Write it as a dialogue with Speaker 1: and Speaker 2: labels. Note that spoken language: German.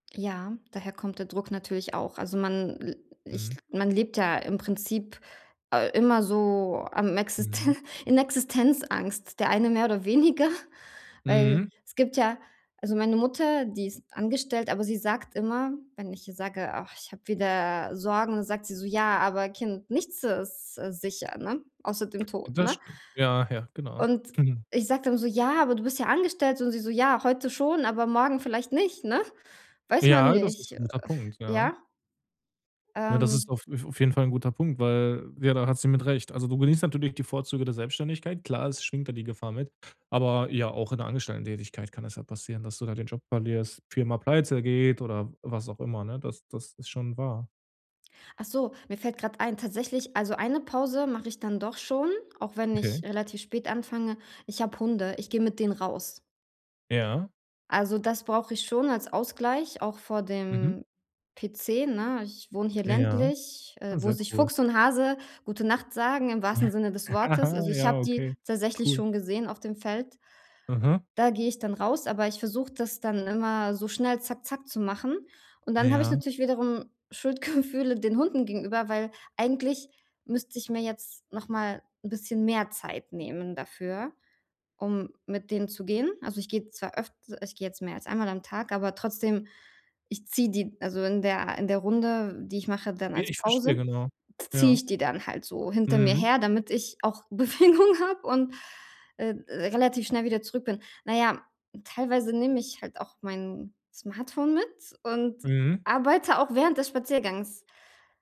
Speaker 1: Ja, daher kommt der Druck natürlich auch, also man l ich
Speaker 2: Mhm.
Speaker 1: man lebt ja im Prinzip, äh, immer so am
Speaker 2: Mhm.
Speaker 1: Existe in Existenzangst, der eine mehr oder weniger, weil
Speaker 2: Mhm.
Speaker 1: es gibt ja also meine Mutter, die ist angestellt, aber sie sagt immer, wenn ich ihr sage: „Ach, ich habe wieder Sorgen“, sagt sie so: „Ja, aber Kind, nichts ist, äh, sicher“, ne, außer dem Tod,
Speaker 2: Das
Speaker 1: ne?
Speaker 2: stimmt. Ja, ja, genau.
Speaker 1: Und ich sage dann so: „Ja, aber du bist ja angestellt“, und sie so: „Ja, heute schon, aber morgen vielleicht nicht“, ne? Weiß man
Speaker 2: Ja, das
Speaker 1: nicht,
Speaker 2: ist 'n
Speaker 1: äh
Speaker 2: guter Punkt, ja.
Speaker 1: ja?
Speaker 2: Ne, das ist
Speaker 1: Ähm.
Speaker 2: auf auf jeden Fall 'n guter Punkt, weil, ja, da hat sie mit Recht. Also, du genießt natürlich die Vorzüge der Selbstständigkeit, klar, es schwingt da die Gefahr mit, aber ja, auch in 'ner Angestelltentätigkeit kann es halt passieren, dass du da den Job verlierst, Firma pleitegeht oder was auch immer, ne? Das das ist schon wahr.
Speaker 1: Ach so, mir fällt grad ein tatsächlich, also eine Pause mache ich dann doch schon, auch wenn
Speaker 2: Okay.
Speaker 1: ich relativ spät anfange. Ich habe Hunde, ich gehe mit denen raus.
Speaker 2: Ja.
Speaker 1: Also das brauche ich schon als Ausgleich, auch vor
Speaker 2: Mhm.
Speaker 1: dem PC, ne? Ich wohne hier
Speaker 2: Ja,
Speaker 1: ländlich, äh, wo
Speaker 2: sehr
Speaker 1: sich
Speaker 2: cool.
Speaker 1: Fuchs und Hase „gute Nacht“ sagen im wahrsten Sinne des Wortes, also, ich
Speaker 2: Ja,
Speaker 1: habe die
Speaker 2: okay,
Speaker 1: tatsächlich
Speaker 2: cool.
Speaker 1: schon gesehen auf dem Feld.
Speaker 2: Mhm.
Speaker 1: Da gehe ich dann raus, aber ich versuche, das dann immer so schnell zack zack zu machen, und dann habe ich
Speaker 2: Ja.
Speaker 1: natürlich wiederum Schuldgefühle den Hunden gegenüber, weil eigentlich müsste ich mir jetzt noch mal 'n bisschen mehr Zeit nehmen dafür, um mit denen zu gehen. Also, ich gehe zwar öft ich gehe jetzt mehr als einmal am Tag, aber trotzdem, ich ziehe die also wenn der in der in der Runde, die ich mache, dann
Speaker 2: Ne,
Speaker 1: als
Speaker 2: ich verstehe,
Speaker 1: Pause,
Speaker 2: genau.
Speaker 1: ziehe
Speaker 2: Ja.
Speaker 1: ich die dann halt so hinter mir
Speaker 2: Mhm.
Speaker 1: her, damit ich auch Bewegung habe und, äh, relativ schnell wieder zurück bin. Na ja, teilweise nehme ich halt auch mein Smartphone mit und
Speaker 2: Mhm.
Speaker 1: arbeite auch während des Spaziergangs.